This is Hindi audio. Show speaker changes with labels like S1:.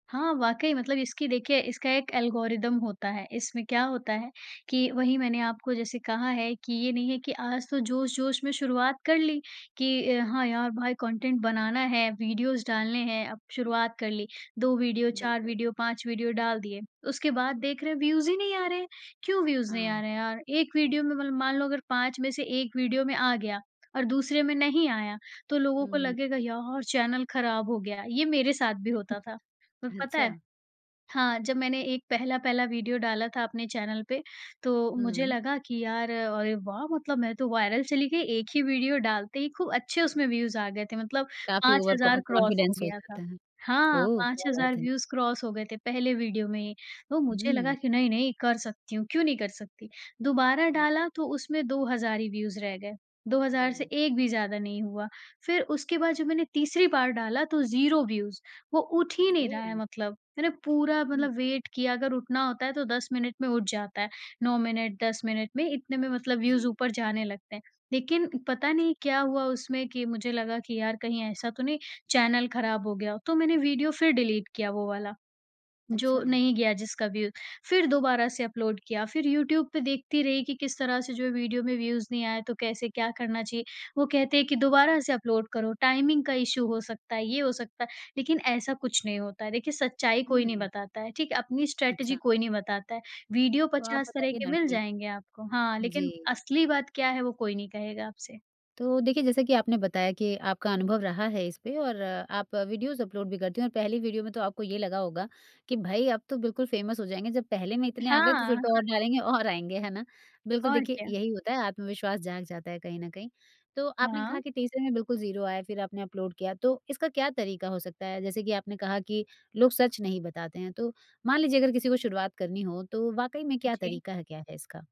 S1: हाँ, वाक़ई मतलब इसकी देखिए, इसका एक एल्गोरिदम होता है, इसमें क्या होता है कि वहीं मैंने आपको जैसे कहा है कि ये नहीं है कि आज तो जोश-जोश में शुरुआत कर ली, कि अ, हाँ, यार भाई कंटेंट बनाना है, वीडियोज़ डालने हैं, अब शुरुआत कर ली। 2 वीडियो, 4
S2: बिल्कुल।
S1: वीडियो, 5 वीडियो डाल दिए, उसके बाद देख रहे व्यूज़ ही नहीं आ रहे हैं, क्यों व्यूज़ नहीं आ
S2: हाँ।
S1: रहे हैं यार? एक वीडियो में मतलब मान लो अगर 5 में से 1 वीडियो में आ गया और दूसरे में नहीं आया, तो लोगों को
S2: हुँ।
S1: लगेगा यार, चैनल खराब हो गया, ये मेरे साथ भी होता था। पर पता
S2: अच्छा।
S1: है? हाँ, जब मैंने एक पहला-पहला वीडियो डाला था अपने चैनल पे, तो मुझे
S2: हुँ।
S1: लगा कि यार, अरे वाह, मतलब मैं तो वायरल चली गई, 1 ही वीडियो डालते ही, खूब अच्छे उसमें व्यूज़ आ गए थे, मतलब
S2: काफ़ी
S1: 5000
S2: ओवर कॉ
S1: हज़ार क्रॉस हो
S2: कॉन्फिडेंस हो
S1: गया था।
S2: जाता है।
S1: हाँ,
S2: ओह!
S1: पाँच
S2: क्या
S1: हज़ार
S2: बात है।
S1: व्यूज़ क्रॉस हो गए थे पहले वीडियो में ही, तो मुझे लगा
S2: हुँ।
S1: कि नहीं, नहीं कर सकती हूँ, क्यों नहीं कर सकती? दोबारा
S2: हुँ।
S1: डाला तो उसमें 2000 हज़ार ही व्यूज़ रह गए, 2000 हज़ार
S2: ओह।
S1: से एक भी ज़्यादा नहीं हुआ, फिर उसके बाद जब मैंने तीसरी बार डाला तो 0 व्यूज़, वो उठ ही नहीं रहा है
S2: ओह!
S1: मतलब। मैंने पूरा
S2: हुँ।
S1: मतलब वेट किया, अगर उठना होता है तो 10 मिनट में उठ जाता है, 9 मिनट, 10 मिनट में इतने में मतलब व्यूज़
S2: जी।
S1: ऊपर जाने लगते हैं। लेकिन पता नहीं क्या हुआ उसमें कि मुझे लगा कि यार कहीं ऐसा तो नहीं चैनल खराब हो गया हो, तो मैंने वीडियो फिर डिलीट किया वो वाला, जो
S2: अच्छा।
S1: नहीं गया जिसका व्यू, फिर दोबारा से अपलोड किया। फिर यूट्यूब पे देखती रही कि किस तरह से जो है वीडियो में व्यूज़ नहीं आए, तो कैसे क्या करना चाहिए, वो कहते हैं कि दोबारा से अपलोड करो, टाइमिंग का इश्यू हो सकता है, ये हो सकता है लेकिन ऐसा कुछ नहीं होता है। देखिए, सच्चाई कोई नहीं
S2: हुँ।
S1: बताता है, ठीक है? अपनी स्ट्रैटिजी
S2: अच्छा।
S1: कोई नहीं बताता है, वीडियो
S2: तो, आप
S1: 50 तरह
S2: बताइए
S1: के
S2: ना
S1: मिल
S2: कि
S1: जाएँगे आपको, हाँ, लेकिन
S2: जी।
S1: असली बात क्या है वो कोई नहीं कहेगा आपसे।
S2: तो देखिए, जैसा कि आपने बताया कि आपका अनुभव रहा है इस पे और आप वीडियोज़ अपलोड भी करती हैं और पहली वीडियो में तो आपको ये लगा होगा, कि भाई अब तो बिल्कुल फेमस हो जाएँगे, जब पहले में इतने आ गए तो
S1: हाँ,
S2: फिर तो और
S1: हाँ।
S2: डालेंगे और आएँगे, है ना? बिल्कुल
S1: और
S2: देखिए,
S1: क्या?
S2: यही होता है, आत्मविश्वास जाग जाता है कहीं न कहीं। तो आपने कहा
S1: हाँ।
S2: कि तीसरे में बिल्कुल 0 आया, फिर आपने अपलोड किया तो इसका क्या तरीका हो सकता है? जैसे कि आपने कहा कि लोग सच नहीं बताते हैं। तो मान लीजिए अगर किसी को शुरुआत करनी हो, तो वाक़ई में क्या
S1: जी।
S2: तरीका है, क्या है इसका?